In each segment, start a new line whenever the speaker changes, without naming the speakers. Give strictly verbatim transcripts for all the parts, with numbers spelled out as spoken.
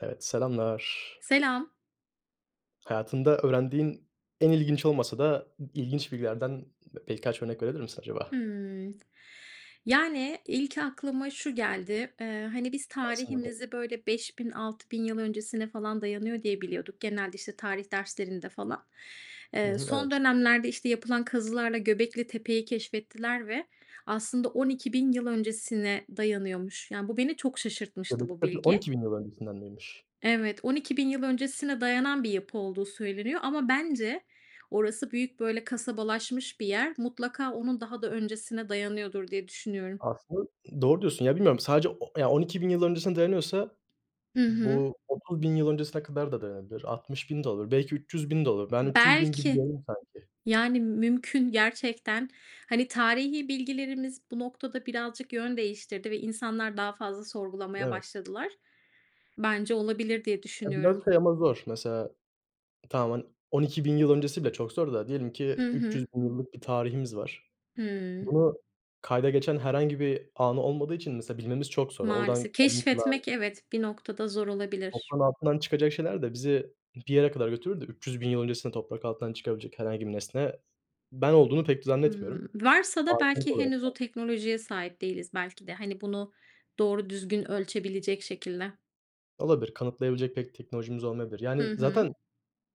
Evet, selamlar.
Selam.
Hayatında öğrendiğin en ilginç olmasa da ı ilginç bilgilerden birkaç örnek verebilir misin acaba?
Hıı. Yani, ilk aklıma şu geldi; eee, hani, biz
[unintelligible]
tarihimizi, böyle, beş bin altı bin yıl öncesine falan dayanıyor diye biliyorduk genelde, işte, tarih derslerinde falan.
Hı
Eee,
hı,
son
evet.
dönemlerde, işte, yapılan kazılarla Göbeklitepe'yi keşfettiler ve aslında on iki bin yıl öncesine dayanıyormuş. Yani, bu beni çok şaşırtmıştı bu
Göbeklitepe on
bilgi.
iki bin yıl öncesinden miymiş?
Evet, on iki bin yıl öncesine dayanan bir yapı olduğu söyleniyor ama bence orası büyük böyle kasabalarmış bir yer. Mutlaka onun daha da öncesine dayanıyordur diye düşünüyorum.
Aslında, ııı, doğru diyorsun. Ya, bilmiyorum, sadece o ya on iki bin yıl öncesine dayanıyorsa
Hı hı.
bu otuz bin yıl öncesine kadar da dayanabilir. Altmış bin de olur. Belki üç yüz bin de olur. Ben, üç yüz bin gibi
Belki.
gördüm sanki.
Yani, mümkün gerçekten, hani, tarihi bilgilerimiz bu noktada birazcık yön değiştirdi ve insanlar daha fazla sorgulamaya
Evet.
başladılar. Bence olabilir diye
Ya,
düşünüyorum.
biraz şey ama zor mesela tamam, han on iki bin yıl öncesi bile çok zor da diyelim ki
Hı
üç
hı.
yüz bin yıllık bir tarihimiz var.
Hıı.
Bunu kayda geçen herhangi bir anı olmadığı için mesela bilmemiz çok zor. Oradan
Maalesef.
kalıntılar
Keşfetmek evet, bir noktada zor olabilir.
Toprağın altından çıkacak şeyler de bizi bir yere kadar götürür de üç yüz bin yıl öncesinde toprak altından çıkabilecek herhangi bir nesne ben olduğunu pek
Hıı,
zannetmiyorum.
varsa da
[unintelligible]
belki
olarak
henüz o
belki.
teknolojiye sahip değiliz belki de. Hani, bunu doğru düzgün ölçebilecek şekilde.
Olabilir. Kanıtlayabilecek pek teknolojimiz olmayabilir. Yani,
Hı hı.
zaten,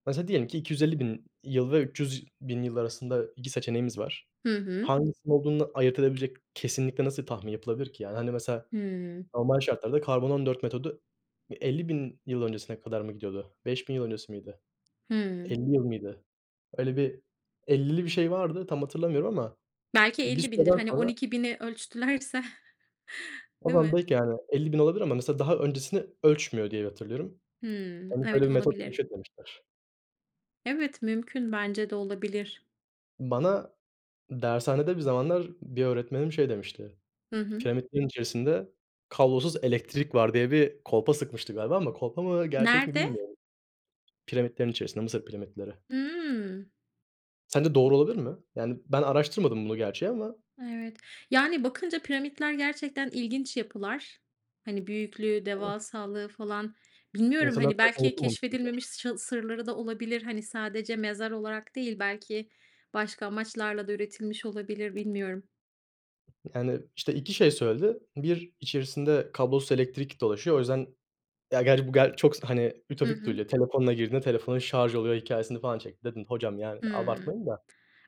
mesela, diyelim ki iki yüz elli bin yıl ve üç yüz bin yılları arasında iki seçeneğimiz var.
Hı hı.
Hangisinin olduğunu ayırt edebilecek kesinlikle nasıl tahmin yapılabilir ki? Yani, hani, mesela,
Hıı.
normal şartlarda Karbon-14 metodu bir elli bin yıl öncesine kadar mı gidiyordu? beş bin yıl öncesi miydi?
Hıı.
elli yıl mıydı? Öyle bir ellili bir şey vardı, tam hatırlamıyorum ama
Belki
bir
elli bindir,
süreden
hani, on
sonra
iki bini ölçtülerse,
O
değil
zaman
mi?
belki, yani, elli bin olabilir ama mesela daha öncesini ölçmüyor diye hatırlıyorum.
Hımm,
Hani, böyle,
evet
bir metot
olabilir.
keşfetmemişler.
Evet, mümkün bence de olabilir.
Bana dershanede bir zamanlar bir öğretmenim şey demişti:
Hı hı.
"Piramitlerin içerisinde kablosuz elektrik var." diye bir kolpa sıkmıştı galiba ama kolpa mı, gerçek mi
Nerede?
bilmiyorum. Piramitlerin içerisinde, Mısır piramitleri...
Hıı.
Sence doğru olabilir mi? Yani, ben araştırmadım bunu gerçi ama.
Evet, yani, bakınca piramitler gerçekten ilginç yapılar, hani, büyüklüğü,
[unintelligible]
devasallığı falan, bilmiyorum,
İnsanlar
hani,
tarafından
belki
unutulmamış bilgiler.
keşfedilmemiş ş sırları da olabilir, hani, sadece mezar olarak değil, belki başka amaçlarla da üretilmiş olabilir, bilmiyorum.
Yani, işte, iki şey söyledi. Bir, içerisinde kablosuz elektrik dolaşıyor, o yüzden Ya, gerçi bu ger çok se hani,
Hı
ütopik
hı.
duyuluyor. Telefonunla girdin, telefonun şarj oluyor hikâyesini falan çekti. Dedim, "Hocam, yani,
Hıı,
abartmayın da."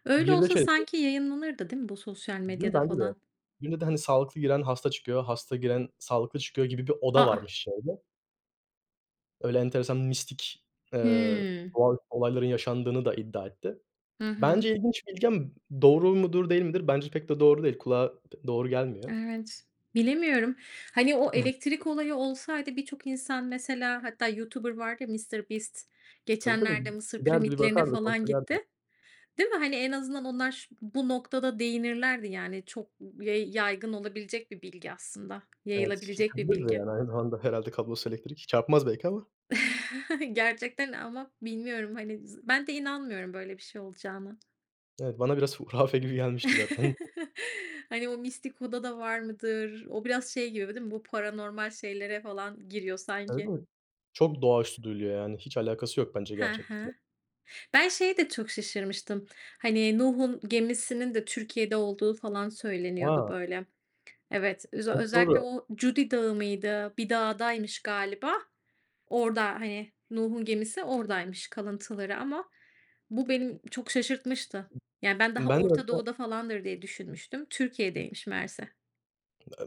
öyle
Bir de
olsa
şey dedi
sanki yayınlanırdı, değil mi bu sosyal
Değil mi,
medyada
bence de.
falan?
Birinde de, hani, sağlıklı giren hasta çıkıyor, hasta giren sağlıklı çıkıyor gibi bir
A,
oda
a!
varmış şeyde. Öyle enteresan mistik, eee,
Hıı.
doğaüstü olayların yaşandığını da iddia etti.
Hı hı.
Bence ilginç bilgi ama doğru mudur, değil midir? Bence pek de doğru değil. Kulağa doğru gelmiyor.
Evet. Bilemiyorum. Hani, o
[unintelligible]
elektrik olayı olsaydı birçok insan, mesela, hatta YouTuber vardı ya, Mr. Beast,
Tabii, tabii.
geçenlerde Mısır
Giderdi, bir
piramitlerine
bakardı,
falan
kontrol
gitti.
ederdi.
Değil mi? Hani, en azından onlar şu bu noktada değinirlerdi, yani, çok ye yaygın olabilecek bir bilgi aslında,
Evet,
yayılabilecek bir
çekebilirdi de,
bilgi.
yani, aynı zamanda herhâlde kablosuz elektrik. Çarpmaz belki ama.
Gerçekten. Ama bilmiyorum, hani, z ben de inanmıyorum böyle bir şey olacağına.
Evet, bana biraz hurafe gibi gelmişti zaten.
Hani, o mistik huda da var mıdır? O biraz şey gibi değil mi, bu paranormal şeylere falan giriyor,
Evet,
sanki.
evet. Çok doğaüstü duyuluyor. Yani, hiç alakası yok, bence
Hı
gerçeklikle.
hı. Ben şeye de çok şaşırmıştım. Hani, Nuh'un gemisinin de Türkiye'de olduğu falan söyleniyordu,
A!
böyle. Evet, öze
Çok
özellikle
doğru.
o Cudi Dağı mıydı? Bir dağdaymış galiba. Orada, hani, Nuh'un gemisi oradaymış kalıntıları ama bu beni çok şaşırtmıştı. Ya, ben daha
Ben de
Orta
orda
Doğu'da falandır, diye düşünmüştüm. Türkiye'deymiş meğerse.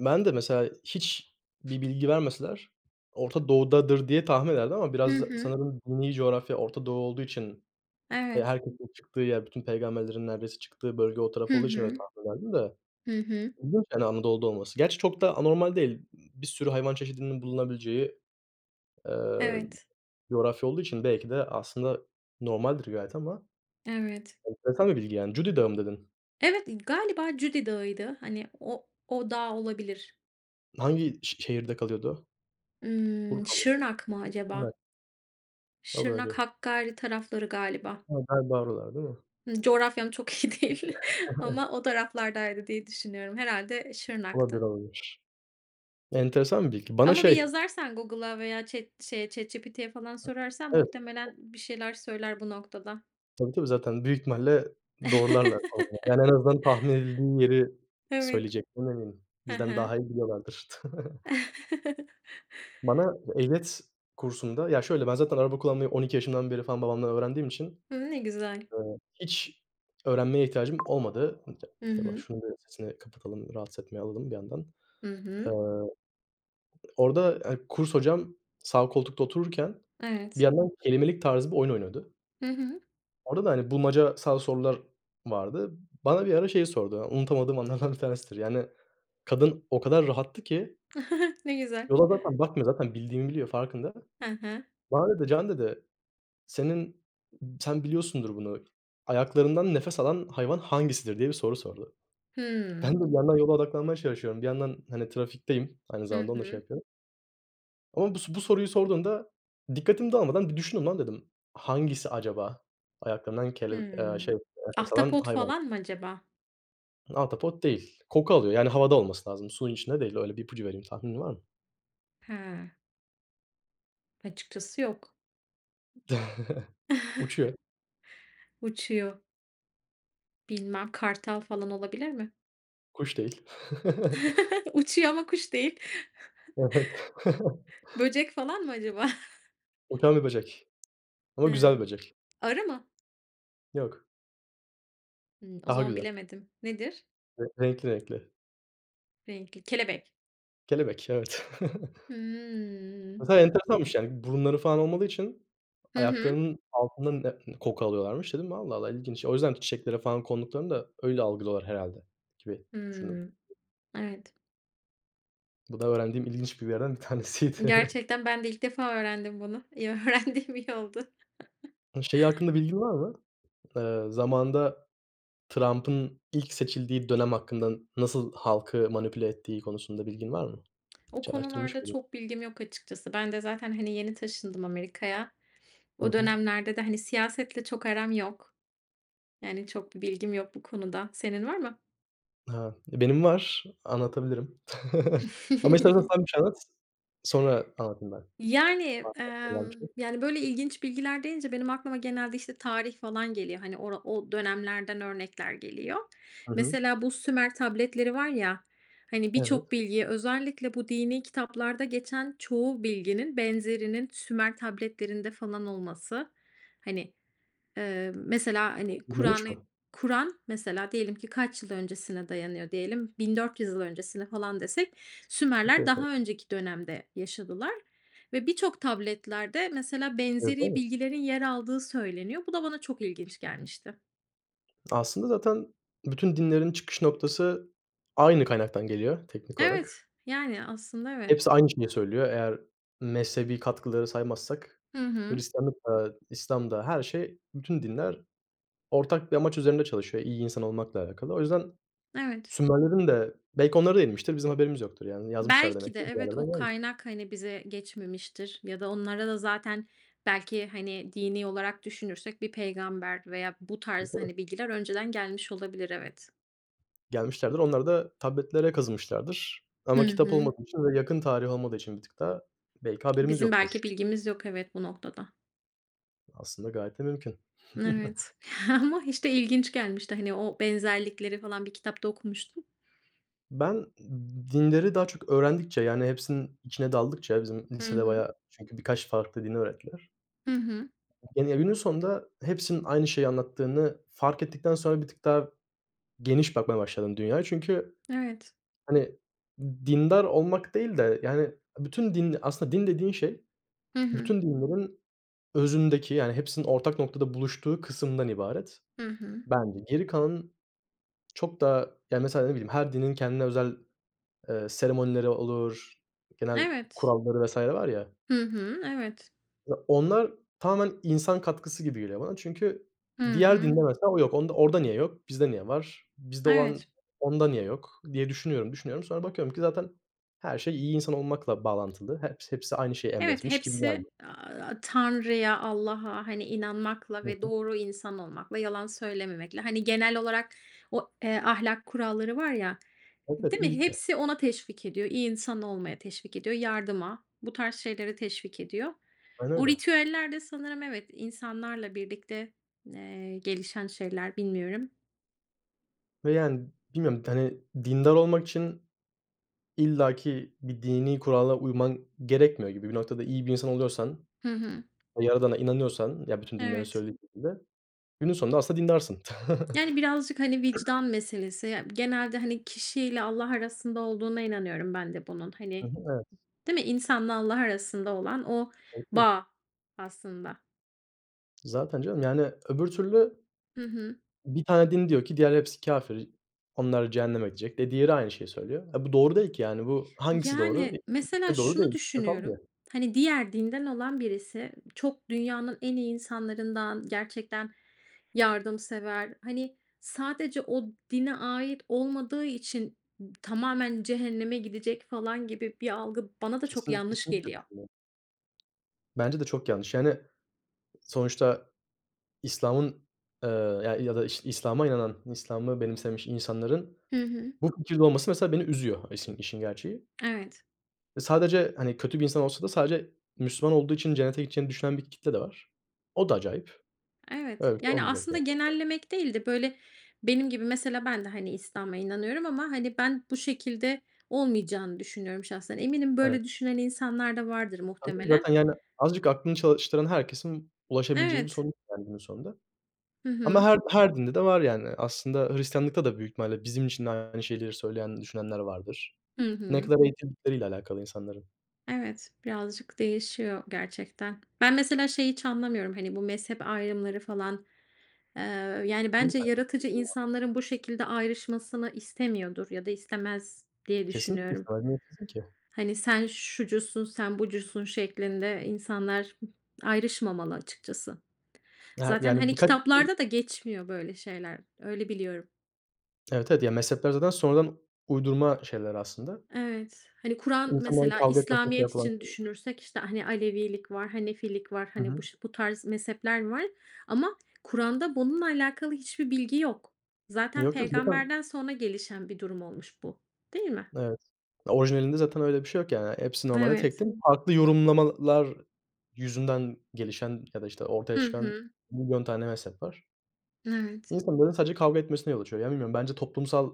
ben de mesela hiçbir bilgi vermeseler Orta Doğu'dadır diye tahmin ederdim ama
Hı
biraz
hı.
sanırım dini coğrafya Orta Doğu olduğu için, eee,
Evet.
herkesin çıktığı yer, bütün peygamberlerin neredeyse çıktığı bölge o
Hı
taraf olduğu için öyle
hı.
tahmin ederdim de.
Hı hı.
İlginç, yani, Anadolu'da olması. Gerçi çok da anormal değil. Bir sürü hayvan çeşidinin bulunabileceği, eee,
Evet
coğrafya olduğu için belki de aslında normaldir gayet ama
Evet.
enteresan bir bilgi yani. Cudi Dağı mı dedin?
Evet, galiba Cudi Dağı'ydı, hani, o o dağ olabilir.
Hangi şe şehirde kalıyordu?
Hıı,
Urfa
Şırnak mı
[unintelligible] değil mi?
acaba?
o
Şırnak,
bölge.
Hakkari tarafları galiba.
Evet, galiba oralar, değil mi?
Hıı, coğrafyam çok iyi değil ama o taraflardaydı diye düşünüyorum, herhâlde, eee,
Olabilir,
Şırnak'tı.
olabilir. Enteresan bir bilgi. Bana
Ama bir
şey
yazarsan Google'a veya chat şeye, ChatGPT'ye falan
Hıı
sorarsan
Evet. O
muhtemelen bir şeyler söyler bu noktada.
Tabii, tabii. Zaten büyük ihtimalle doğrularlar. [unintelligible] Yani, en azından tahmin edildiği yeri
Evet.
söyleyecektim [unintelligible]
Hı
bizden
hı.
daha iyi biliyorlardır. Bana ehliyet kursunda Ya şöyle, ben zaten araba kullanmayı on iki yaşımdan beri falan babamdan öğrendiğim için,
Hı hı, ne güzel.
eee, hiç öğrenmeye ihtiyacım olmadı. Un te
Hı
Eyvah,
hı.
şunun bir sesini kapatalım, rahatsız etmeye alalım bir yandan.
Hı hı.
Eee, orada, hani, kurs hocam sağ koltukta otururken bir
Evet.
yandan kelimelik tarzı bir oyun oynuyordu.
Hı hı.
Orada da, hani, bulmacasal sorular vardı. Bana bir ara şey sordu, unutamadığım anlardan bir tanesidir, yani, kadın o kadar rahattı ki
Ne güzel.
yola zaten bakmıyor, zaten bildiğimi biliyor, farkında.
Hı hı.
Bana dedi, "Can" dedi, "Senin ııı, sen biliyorsundur bunu. Ayaklarından nefes alan hayvan hangisidir?" diye bir soru sordu. Ben
Hıı.
de bir yandan yola odaklanmaya çalışıyorum. Bir yandan, hani, trafikteyim, aynı
Hı
zamanda onu da şey
hı.
yapıyorum. Ama bu s bu soruyu sorduğunda, "Dikkatim dağılmadan bir düşüneyim lan" dedim, "Hangisi acaba ayaklarından kele eee, şey
Hıı,
nefes alan
ahtapot
hayvan?"
falan mı acaba?
Ahtapot değil. Koku alıyor yani havada olması lazım, suyun içinde değil. Öyle bir ipucu vereyim. Tahminin var mı?
Ha. Açıkçası yok.
Uçuyor.
Uçuyor. Bilmem, kartal falan olabilir mi?
Kuş değil.
Uçuyor ama kuş değil.
Evet.
Böcek falan mı acaba?
Uçan bir böcek. Ama güzel
He.
bir böcek.
Arı mı?
Yok.
Hımm. O
Daha
zaman
güzel.
bilemedim. Nedir?
Re renkli renkli.
Renkli. Kelebek.
Kelebek, evet.
Hıı.
Aslında enteresanmış, yani, burunları falan olmadığı için
Hı hı.
ayaklarının altının ne koku alıyorlarmış. Dedim, "Allah, Allah! İlginç." O yüzden çiçeklere falan konduklarında öyle algılıyorlar herhâlde gibi düşündüm.
Hıı. Evet.
Bu da öğrendiğim ilginç bilgilerden bir tanesiydi.
Gerçekten ben de ilk defa öğrendim bunu. İyi, öğrendiğim iyi oldu.
Iıı, şey hakkında bilgin var mı? Eee, zamanında Trump'ın ilk seçildiği dönem hakkından, nasıl halkı manipüle ettiği konusunda bilgin var mı?
O
Hiç araştırmış
konularda
mıydın?
çok bilgim yok açıkçası. Ben de zaten, hani, yeni taşındım Amerika'ya.
Hı
O
hı.
dönemlerde de, hani, siyasetle çok aram yok. Yani, çok bir bilgim yok bu konuda. Senin var mı?
Ha, e, benim var. Anlatabilirim. Ama istersen sen bir şey anlat. Sonra anlatayım ben.
Yani,
Varsa
emm,
aklında bir şey?
yani, böyle, ilginç bilgiler deyince benim aklıma genelde, işte, tarih falan geliyor. Hani, ora o dönemlerden örnekler geliyor.
Hı hı.
Mesela bu Sümer tabletleri var ya, hani, birçok
Evet.
bilgiyi özellikle bu dinî kitaplarda geçen çoğu bilginin benzerinin Sümer tabletlerinde falan olması, hani, eee, mesela, hani, Kur'an'ı
Yürümüş mü?
Kur'an mesela diyelim ki kaç yıl öncesine dayanıyor? Diyelim, bin dört yüz yıl öncesine falan desek,
Aşağı
Sümerler
yukarı.
daha önceki dönemde yaşadılar ve birçok tabletlerde, mesela,
Yazılı
benzeri
mı?
bilgilerin yer aldığı söyleniyor. Bu da bana çok ilginç gelmişti.
Aslında zaten bütün dinlerin çıkış noktası aynı kaynaktan geliyor, teknik
Evet,
olarak.
yani, aslında, evet.
Hepsi aynı şeyi söylüyor. Eğer mezhebi katkıları saymazsak,
Hı hı.
Hristiyanlık da, İslam da her şey bütün dinler ortak bir amaç üzerinde çalışıyor iyi insan olmakla alakalı. O yüzden
Evet.
Sümerlerin de belki onlara da inmiştir bizim haberimiz yoktur, yani, yazmışlar
Belki
demek
de,
ki bir
evet, o
yerlerden. [unintelligible]
kaynak, hani, bize geçmemiştir ya da onlara da zaten belki, hani, dini olarak düşünürsek bir peygamber veya bu tarz,
[unintelligible]
hani, bilgiler önceden gelmiş olabilir, evet.
Gelmişlerdir, onlar da tabletlere kazımışlardır.
Hı
Ama kitap
hı.
olmadığı için ve yakın tarih olmadığı için bir tık daha belki haberimiz
Bizim
yoktur.
belki bilgimiz yok, evet, bu noktada.
Aslında, gayet de mümkün.
Evet, ama, işte, ilginç gelmişti, hani, o benzerlikleri falan bir kitapta okumuştum.
Ben dinleri daha çok öğrendikçe, yani, hepsinin içine daldıkça bizim
Hı
lisede
hı.
bayağı çünkü birkaç farklı dini öğrettiler.
Hı hı.
Gene, günün sonunda hepsinin aynı şeyi anlattığını fark ettikten sonra bir tık daha geniş bakmaya başladım dünyaya. Çünkü,
Evet.
hani, dindar olmak değil de, yani, bütün din Aslında din dediğin şey,
Hı hı.
bütün dinlerin özündeki, yani, hepsinin ortak noktada buluştuğu kısımdan ibaret.
Hı hı.
Bence geri kalanın, çok da, yani, mesela, ne bileyim, her dinin kendine özel, eee, seremonileri olur, genel
Evet.
kuralları vs. var, ya.
Hı hı, evet.
Ya, onlar tamamen insan katkısı gibi geliyor bana. Çünkü
Hı
diğer
hı.
din de mesela o yok. Onda orada niye yok? Bizde niye var? Bizde olan
Evet.
onda niye yok diye düşünüyorum, düşünüyorum. Sonra bakıyorum ki zaten her şey iyi insan olmakla bağlantılı. Heps hepsi aynı şeyi
Evet,
emretmiş gibi
hepsi,
geldi.
aaa, Tanrı'ya, Allah'a, hani, inanmakla
Hı
ve
hı.
doğru insan olmakla, yalan söylememekle, hani, genel olarak o eee, ahlak kuralları var ya
Evet, evet,
Değil mi,
iyilikle.
hepsi ona teşvik ediyor. İyi insan olmaya teşvik ediyor, yardıma, bu tarz şeylere teşvik ediyor.
Aynı
O
öyle.
ritüeller de sanırım evet, insanlarla birlikte, eee, gelişen şeyler, bilmiyorum.
Ve, yani, bilmiyorum t hani, dindar olmak için illaki bir dinî kurala uyman gerekmiyor gibi bir noktada iyi bir insan oluyorsan
Hı hı.
ve Yaradan'a inanıyorsan ya bütün dinlerin
Evet.
söylediği [unintelligible] günün sonunda aslında dindarsın.
Yani, birazcık, hani, vicdan meselesi ya genelde, hani, kişiyle Allah arasında olduğuna inanıyorum ben de bunun,
Hı
hani,
hı, evet.
Değil mi, insanla Allah arasında olan o
[unintelligible]
bağ aslında.
Zaten, canım, yani, öbür türlü
Hı hı.
Bir tane din diyor ki, "Diğer hepsi kâfir. Onlar cehenneme gidecek." de diğeri aynı şeyi söylüyor. Ha, bu doğru değil ki, yani, bu hangisi doğru?
Yani,
[unintelligible] İkisi
mesela,
de doğru
şunu
değil.
düşünüyorum,
[unintelligible]
hani, diğer dinden olan birisi çok dünyanın en iyi insanlarından, gerçekten yardımsever, hani, sadece o dine ait olmadığı için tamamen cehenneme gidecek falan gibi bir algı bana da çok
Kesin
yanlış
kesinlikle
geliyor.
katılıyorum. Bence de çok yanlış. Yani, sonuçta İslam'ın, eee, ya ya da iş İslam'a inanan İslam'ı benimsemiş insanların
Hı hı.
bu fikirde olması, mesela, beni üzüyor isin işin gerçeği.
Evet.
Sadece, hani, kötü bir insan olsa da sadece Müslüman olduğu için cennete gideceğini düşünen bir kitle de var. O da acayip.
Evet,
Öyle bir şey
yani,
olmayacak
aslında
gerçekten.
genellemek değil de, böyle, benim gibi mesela ben de, hani, İslam'a inanıyorum ama, hani, ben bu şekilde olmayacağını düşünüyorum şahsen. Eminim
Evet.
böyle düşünen insanlar da vardır
[unintelligible]
muhtemelen.
Zaten, yani, azıcık aklını çalıştıran herkesin ulaşabileceği bir
Evet.
sonuç var günün sonunda.
Hı
Ama
hı.
her her dinde de var yani. Aslında Hristiyanlık'ta da büyük ihtimalle bizim için de aynı şeyleri söyleyen, düşünenler vardır.
Hı
Ne
hı.
kadar eğitildikleriyle alakalı insanların.
Evet, birazcık değişiyor gerçekten. Ben mesela şeyi hiç anlamıyorum, hani, bu mezhep ayrımları falan, ııı, yani, bence yaratıcı
[unintelligible]
insanların bu şekilde ayrışmasını istemiyordur ya da istemez diye
Kesinlikle
düşünüyorum.
istemez, niye istesin ki?
Hani, sen şucusun, sen bucusun şeklinde insanlar ayrışmamalı açıkçası.
Ya,
Zaten,
yani,
hani,
birkaç [unintelligible]
kitaplarda da geçmiyor böyle şeyler, öyle biliyorum.
Evet, evet, ya, mezhepler zaten sonradan uydurma şeyler aslında.
Evet, hani, Kur’an
İnsanların
mesela
kavga etmesine [unintelligible]
İslamiyet
olan
için
[unintelligible]
düşünürsek, işte, hani, Alevilik var, Hanefilik var,
Hı
hani, bu
hı.
ş bu tarz mezhepler var ama Kur’an'da bununla alakalı hiçbir bilgi yok. Zaten
Yok, yok, zaten
peygamberden sonra gelişen bir durum olmuş bu değil mi?
Evet, orijinalinde zaten öyle bir şey yok yani. Hepsi normalde tek
Evet.
tek farklı yorumlamalar yüzünden gelişen ya da, işte, ortaya
Hı
çıkan
hı.
milyon tane mezhep var.
Evet.
İnsanların sadece kavga etmesine yol açıyor. Yani, bilmiyorum bence toplumsal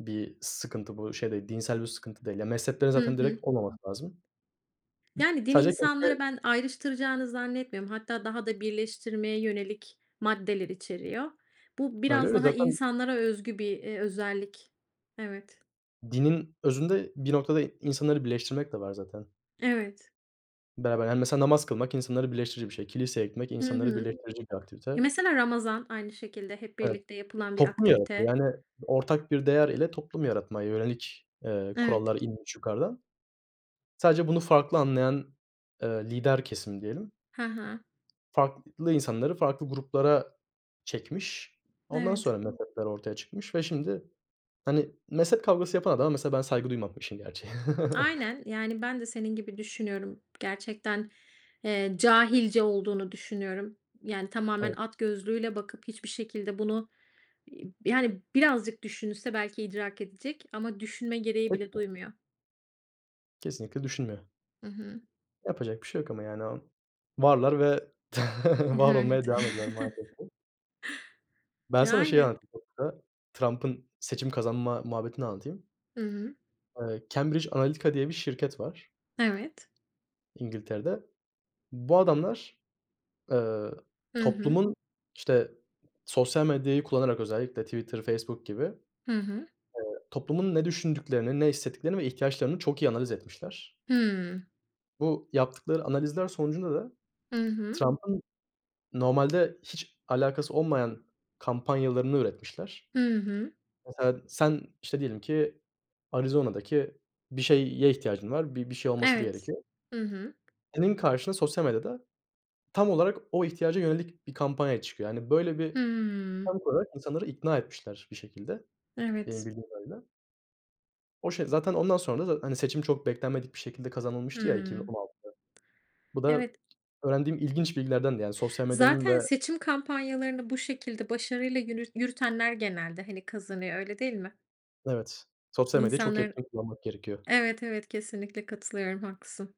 bir sıkıntı bu, şey değil, dinsel bir sıkıntı değil. Yani, mezheplerin
Hı
zaten
hı.
direkt olmaması lazım.
Yani, din
Sadece
insanları
çünkü
ben ayrıştıracağını zannetmiyorum. Hatta daha da birleştirmeye yönelik maddeler içeriyor. Bu
Öyle,
biraz
öyle
daha
zaten
insanlara özgü bir, eee, özellik. Evet.
Dinin özünde, bir noktada insanları birleştirmek de var zaten.
Evet.
Beraber, yani, mesela, namaz kılmak insanları birleştirici bir şey. Kiliseye gitmek
Hı
insanları
hı.
birleştirecek bir
Ya,
aktivite.
mesela Ramazan, aynı şekilde hep
Evet.
birlikte yapılan bir
Toplum yaratıyor,
aktivite.
yani, ortak bir değer ile toplum yaratmaya yönelik, eee,
Evet.
kurallar inmiş yukarıdan. Sadece bunu farklı anlayan, ııı, lider kesim diyelim.
Ha ha.
Farklı insanları farklı gruplara çekmiş. Ondan
Evet.
sonra mezhepler ortaya çıkmış ve şimdi, hani, mezhep kavgası yapan adama mesela, ben saygı duymam, işin gerçeği.
Aynen, yani, ben de senin gibi düşünüyorum gerçekten, eee ,cahilce olduğunu düşünüyorum. Yani, tamamen
Evet.
at gözlüğüyle bakıp hiçbir şekilde bunu, iii, yani, birazcık düşünse belki idrak edecek ama düşünme gereği bile
[unintelligible]
duymuyor.
Kesinlikle düşünmüyor.
Hı hı.
Yapacak bir şey yok ama yani o varlar ve var olmaya
Evet.
devam ederler maalesef ki. Ben sana şeyi
Yani.
anlatayım. [unintelligible] Trump'ın seçim kazanma muhabbetini anlatayım.
Hı hı.
Eee, Cambridge Analytica diye bir şirket var
Evet.
İngiltere'de. Bu adamlar, eee,
Hı hı.
toplumun, işte, sosyal medyayı kullanarak özellikle Twitter, Facebook gibi, eee,
Hı hı.
toplumun ne düşündüklerini, ne hissettiklerini ve ihtiyaçlarını çok iyi analiz etmişler.
Hımm.
Bu yaptıkları analizler sonucunda da
Hı hı.
Trump'ın normalde hiç alakası olmayan kampanyalarını üretmişler.
Hı hı.
Mesela, sen, işte, diyelim ki Arizona'daki bir şeye ihtiyacın var, bir bir şey olması da
Evet,
gerekiyor
hı hı.
senin karşına sosyal medyada tam olarak o ihtiyaca yönelik bir kampanya çıkıyor. Yani, böyle, bir
Hımm.
sonuç olarak insanları ikna etmişler bir şekilde. Benim
Evet.
bildiğim kadarıyla o, şey, zaten ondan sonra da, hani, seçim çok beklenmedik bir şekilde kazanılmıştı ya iki bin on
Hımm.
altıda. Bu da
Evet.
öğrendiğim ilginç bilgilerdendi, yani, sosyal medyanın
Zaten
ve
seçim kampanyalarını bu şekilde başarıyla yürüt yürütenler genelde, hani, kazanıyor, öyle değil mi?
Evet, sosyal medyayı çok
İnsanlar
etkin kullanmak gerekiyor.
Evet, evet, kesinlikle katılıyorum. Haklısın.